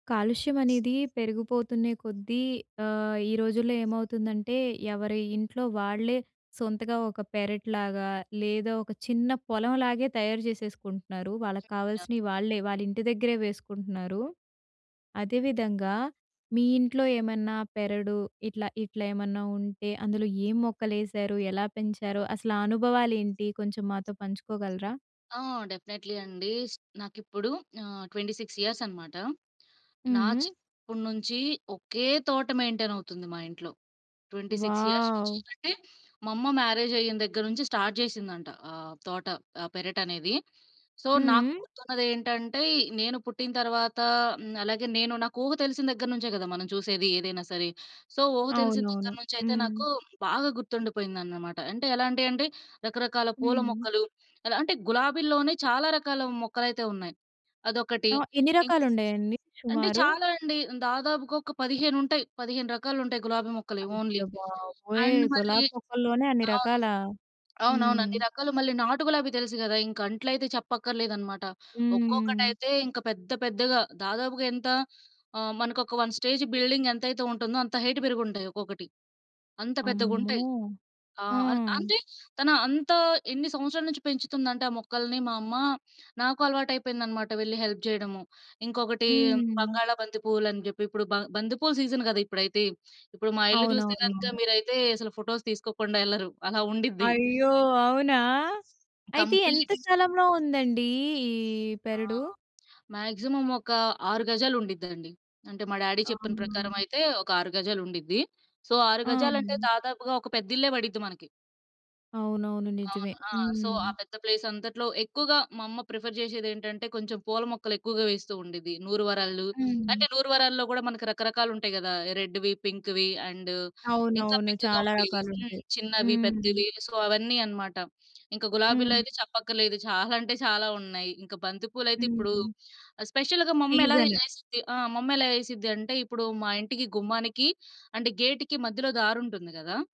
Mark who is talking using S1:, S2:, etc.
S1: కాలుష్యం అనేది పెరిగిపోతున్నే కొద్దీ ఆహ్, ఈ రోజుల్లో ఏమవుతుందంటే ఎవరి ఇంట్లో వాళ్ళే సొంతగా ఒక పెరెటిలాగా, లేదా ఒక చిన్న పొలంలాగే తయారు చేసేసుకుంటున్నారు.
S2: ఆ!
S1: వాళ్ళక్కావాల్సినయి వాళ్ళే, వాళ్ళింటి దగ్గరే వేసుకుంటున్నారు. అదే విధంగా మీ ఇంట్లో ఏమన్నా పెరడు ఇట్లా ఇట్లేమన్నా ఉంటే అందులో ఏం మొక్కలేశారు ఎలా పెంచారో అసలు ఆ అనుభవాలేంటి కొంచెం మాతో పంచుకోగలరా?
S2: ఆ! డెఫినైట్లీ అండి. నాకిప్పుడు ఆహ్, 26 ఇయర్స్ అనమాట. నా
S1: హ్మ్.
S2: చిన్నప్పుడు నుంచి ఒకే తోట మెయింటైనవుతుంది మా ఇంట్లో. 26 ఇయర్స్ నుంచి
S1: వావ్!
S2: అంటే మా అమ్మ మ్యారేజయిన దగ్గర నుంచి స్టార్ట్ జేసిందంట ఆహ్, తోట, పెరటనేది. సో,
S1: హ్మ్.
S2: నాక్కుర్తున్నదేంటంటే నేను పుట్టిన తర్వాత హ్మ్. అలాగే నేను నాకు ఊహ తెలిసిన దగ్గర నుంచే గదా! మనం చూసేది ఏదైనా సరే. సో, ఊహ తెలిసిన
S1: అవునవును.
S2: దగ్గర నుంచయితే
S1: హ్మ్.
S2: నాకు బాగా గుర్తుండిపోయిందన్నమాట. అంటే ఎలాంటియంటే రకరకాల పూల
S1: హ్మ్.
S2: మొక్కలు. ఎలాంటే గులాబీల్లోనే చాలా రకాల మొక్కలయితే ఉన్నాయి. అదొకటి
S1: ఆ! ఎన్ని
S2: ఇన్
S1: రకాలున్నాయండి
S2: అంటే
S1: సుమారు?
S2: చాలా అండి. దాదాపుగా ఒక పదిహేనుంటాయి. 15 రకాలుంటాయి గులాబీ మొక్కలే ఓన్లీ.
S1: అయ్య‌ బాబోయ్!
S2: అండ్ మళ్ళీ
S1: గులాబీ మొక్కల్లోనే అన్ని
S2: అవును.
S1: రకాలా?
S2: అవునవును.
S1: హ్మ్.
S2: అన్నీ రకాలు. మళ్ళీ నాటు గులాబీ తెలుసు గదా! ఇంక అంట్లైతే చెప్పక్కర్లేదనమాట.
S1: హ్మ్.
S2: ఒక్కొక్కటైతే ఇంక పెద్ద పెద్దగా దాదాపుగా ఎంత ఆహ్, మనకొక 1 స్టేజ్ బిల్డింగ్ ఎంతైతే ఉంటుందో అంత హైట్ పెరిగుంటాయి, ఒక్కొక్కటి అంత పెద్దగుంటాయి.
S1: అమ్మో!
S2: ఆ!
S1: ఆ!
S2: అం అంతే తను అంతా ఎన్ని సంవత్సరాలు నుంచి పెంచుతుందంటే ఆ మొక్కల్ని మా అమ్మ, నాకు అలవాటయిపోయిందనమాట వెళ్లి హెల్ప్ జేయడము. ఇంకొకటీ
S1: హ్మ్.
S2: బంగాళా బంతి పూవ్వులని జెప్పి ఇప్పుడు బ బంతిపూల సీజన్ గదా! ఇప్పుడైతే. ఇప్పుడు మా ఇల్లు చూస్తే గనుక
S1: అవునవునవును.
S2: మీరైతే అసలు ఫోటోస్ తీసుకోకుండా ఎళ్లరు అలా ఉండిద్ది.
S1: అయ్యో! అవునా? అయితే ఎంత
S2: కంప్లీట్
S1: స్థలంలో ఉందండీ ఈ
S2: ఆ!
S1: పెరడు?
S2: మాక్సిమం ఒక 6 గజాలుండిద్దండి. అంటే మా డాడీ చెప్పిన
S1: అవునా!
S2: ప్రకారమైతే ఒక 6 గజాలుండిద్ది. సో, 6
S1: ఆ!
S2: గజాలంటే దాదాపుగా ఒక పెద్దిల్లే పడిద్ది మనకి.
S1: అవునవును. నిజమే.
S2: అవును. ఆ! సో, ఆ
S1: హ్మ్.
S2: పెద్ద ప్లేసంతట్లో ఎక్కువగా మా అమ్మ ప్రిఫర్ జేషేదేంటంటే కొంచెం పూల మొక్కలెక్కువగా వేస్తూ ఉండిద్ది. నూరు వరాలు,
S1: హ్మ్.
S2: అంటే నూరువరాల్లో గూడా మనకు రకరకాలుంటాయి గదా! రెడ్‌వి, పింక్‌వి అండ్ ఇంకా
S1: అవునవును.
S2: పింక్‌గా
S1: చాలా
S2: ఉండేయి. హ్మ్.
S1: రకాలుంటాయి.
S2: చిన్నవి
S1: హ్మ్.
S2: పెద్దవి సో, అవన్నీ అనమాట. ఇంక
S1: హ్మ్.
S2: గులాబీలైతే చెప్పక్కర్లేదు చాలా అంటే చాలా ఉన్నాయి. ఇంక బంతి పూలయితే ఇప్పుడు
S1: హుహు.
S2: స్పెషల్‌గా మమ్మెలా
S1: సీజను.
S2: ఏసిద్ది ఆహ్, మమ్మెలా ఏసిద్దంటే ఇప్పుడు మా ఇంటికి గుమ్మానికి అంటే గేట్‌కి మధ్యలో దారి ఉంటుంది గదా!